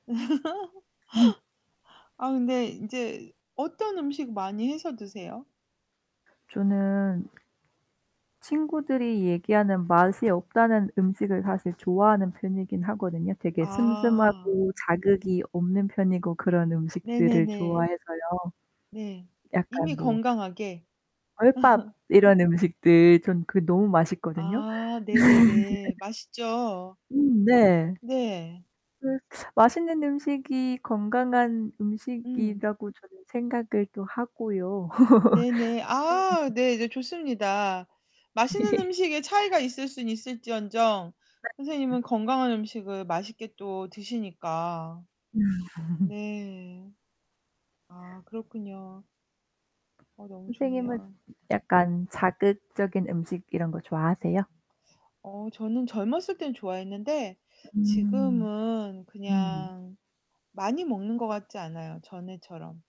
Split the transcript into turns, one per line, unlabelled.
음.
아 네 인제 어떤 음식 많이 해서 드세요?
저는 친구들이 얘기하는 맛이 없다는 음식을 사실 좋아하는 편이긴 하거든요. 되게
아.
슴슴하고 자극이 없는 편이고 그런 음식들을
네네네.
좋아해서요.
네.
약간
이미
뭐
건강하게?
절밥 이런 음식들 전 그게 너무 맛있거든요.
아 네네네. 맛있죠.
음 네.
네.
그 맛있는 음식이 건강한
음.
음식이라고 저는 생각을 또 하고요.
네네.
음.
아 네 네 좋습니다. 맛있는 음식에 차이가 있을 순 있을지언정
네. 음.
선생님은 건강한 음식을 맛있게 또 드시니까. 네. 아, 그렇군요. 어 너무
선생님은
좋네요.
약간 자극적인 음식 이런 거 좋아하세요?
어 저는 젊었을 때는 좋아했는데
음.
지금은
네.
그냥 많이 먹는 것 같지 않아요, 전에처럼.